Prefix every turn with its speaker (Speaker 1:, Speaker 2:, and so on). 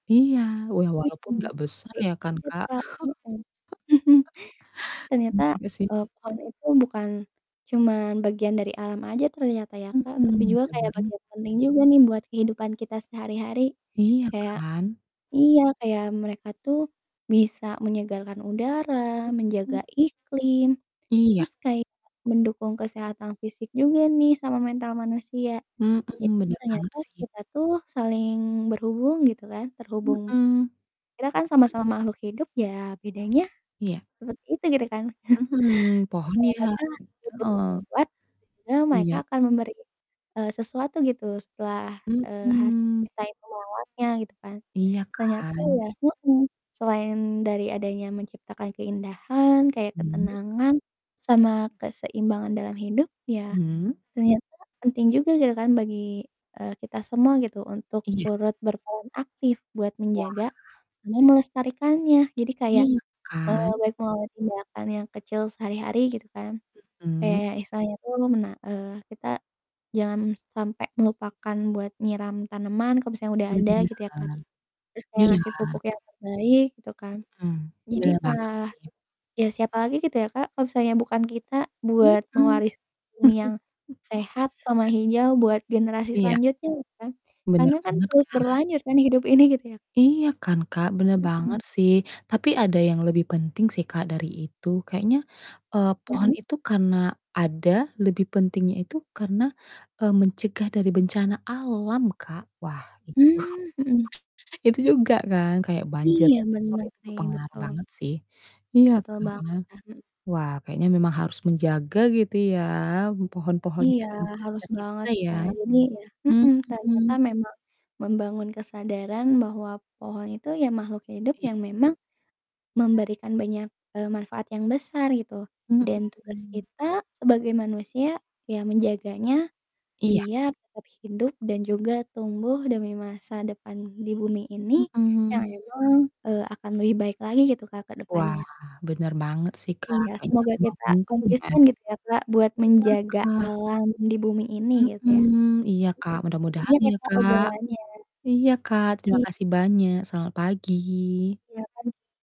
Speaker 1: Iya, ya walaupun
Speaker 2: Mhm,
Speaker 1: gak besar ya kan
Speaker 2: [unintelligible]
Speaker 1: Kak.
Speaker 2: Kak, mhm.
Speaker 1: Iya
Speaker 2: Ternyata,
Speaker 1: juga sih.
Speaker 2: eee, pohon itu bukan cuman bagian dari alam aja ternyata ya
Speaker 1: Mhm,
Speaker 2: Kak, tapi
Speaker 1: bener
Speaker 2: juga kayak
Speaker 1: banget.
Speaker 2: bagian penting juga nih buat kehidupan kita sehari-hari,
Speaker 1: Iya
Speaker 2: kayak
Speaker 1: kan.
Speaker 2: iya, kayak mereka tuh bisa menyegarkan udara, menjaga
Speaker 1: Mhm.
Speaker 2: iklim,
Speaker 1: Iya.
Speaker 2: terus kayak mendukung kesehatan fisik juga nih sama mental manusia.
Speaker 1: Mhm,
Speaker 2: Jadi
Speaker 1: bener banget
Speaker 2: ternyata
Speaker 1: sih.
Speaker 2: kita tuh saling berhubung, gitu kan, terhubung
Speaker 1: Mhm.
Speaker 2: kita kan sama-sama makhluk hidup ya bedanya
Speaker 1: Iya.
Speaker 2: seperti itu gitu kan.
Speaker 1: Mhm. Pohon ya. Heeh.
Speaker 2: [unintelligible]
Speaker 1: Iya.
Speaker 2: Mereka akan memberi, eee, sesuatu gitu setelah, eee, hasil
Speaker 1: Mhm.
Speaker 2: kita itu merawatnya gitu kan,
Speaker 1: Iya
Speaker 2: ternyata
Speaker 1: kan.
Speaker 2: ya mhm, selain dari adanya menciptakan keindahan kayak
Speaker 1: Mmm.
Speaker 2: ketenangan
Speaker 1: Iya.
Speaker 2: sama keseimbangan dalam hidup ya
Speaker 1: Mhm.
Speaker 2: ternyata penting juga gitu kan bagi, eee, kita semua gitu untuk
Speaker 1: Iya.
Speaker 2: turut berperan aktif buat
Speaker 1: Wah.
Speaker 2: menjaga sama melestarikannya. Jadi kayak,
Speaker 1: Iya
Speaker 2: eee,
Speaker 1: kan.
Speaker 2: baik mengambil tindakan yang kecil sehari-hari gitu kan,
Speaker 1: Mhm.
Speaker 2: kayak istilahnya tuh mena eee, kita jangan sampai melupakan buat nyiram tanaman kalau misalnya udah ada
Speaker 1: Bener,
Speaker 2: gitu ya kan, terus kayak
Speaker 1: iya.
Speaker 2: ngasih pupuk yang terbaik gitu kan.
Speaker 1: Mhm,
Speaker 2: Jadi
Speaker 1: bener banget
Speaker 2: kah
Speaker 1: sih.
Speaker 2: ya siapa lagi gitu ya Kak, kalau misalnya bukan kita buat
Speaker 1: Mhm.
Speaker 2: mewaris bumi yang sehat sama hijau buat generasi
Speaker 1: Iya.
Speaker 2: selanjutnya gitu kan,
Speaker 1: Bener
Speaker 2: karena kan
Speaker 1: banget
Speaker 2: terus
Speaker 1: kan.
Speaker 2: berlanjut kan hidup ini gitu ya.
Speaker 1: Iya kan Kak, bener
Speaker 2: Mhm.
Speaker 1: banget sih, tapi ada yang lebih penting sih Kak dari itu, kayaknya, eee, pohon
Speaker 2: Mhm.
Speaker 1: itu karena ada lebih pentingnya itu karena, eee, mencegah dari bencana alam Kak. Wah itu
Speaker 2: Mmm, mhm.
Speaker 1: itu juga kan kayak banjir
Speaker 2: Iya
Speaker 1: besar
Speaker 2: bener
Speaker 1: itu
Speaker 2: sih,
Speaker 1: berpengaruh
Speaker 2: betul.
Speaker 1: banget sih. Iya
Speaker 2: Betul
Speaker 1: kan,
Speaker 2: banget, ah, mhm.
Speaker 1: wah kayaknya memang harus menjaga gitu ya pohon-pohon yang
Speaker 2: Iya
Speaker 1: ada di
Speaker 2: harus
Speaker 1: sekitar
Speaker 2: banget
Speaker 1: kita
Speaker 2: sih
Speaker 1: ya.
Speaker 2: Kak, jadi ya mhm, ternyata
Speaker 1: Mhm.
Speaker 2: memang membangun kesadaran bahwa pohon itu ya makhluk hidup
Speaker 1: Iya.
Speaker 2: yang memang memberikan banyak, eee, manfaat yang besar gitu dan tugas
Speaker 1: Mhm.
Speaker 2: kita sebagai manusia ya menjaganya
Speaker 1: Iya.
Speaker 2: biar tetap hidup dan juga tumbuh demi masa depan di bumi ini yang
Speaker 1: Mhm.
Speaker 2: emang, eee, akan lebih baik lagi gitu Kak ke
Speaker 1: Wah
Speaker 2: depannya.
Speaker 1: bener banget sih Kak,
Speaker 2: Iya,
Speaker 1: kayaknya
Speaker 2: semoga
Speaker 1: memang
Speaker 2: kita
Speaker 1: penting ya.
Speaker 2: konsisten gitu ya Kak buat
Speaker 1: Iya
Speaker 2: menjaga
Speaker 1: Kak.
Speaker 2: alam di bumi ini gitu
Speaker 1: Mhm,
Speaker 2: ya.
Speaker 1: iya Kak,
Speaker 2: Mhm, makasih
Speaker 1: mudah-mudahan
Speaker 2: banyak ya
Speaker 1: ya
Speaker 2: Kak
Speaker 1: Kak.
Speaker 2: obrolannya.
Speaker 1: Iya Kak terima
Speaker 2: I
Speaker 1: kasih banyak, selamat pagi.
Speaker 2: Iya kan.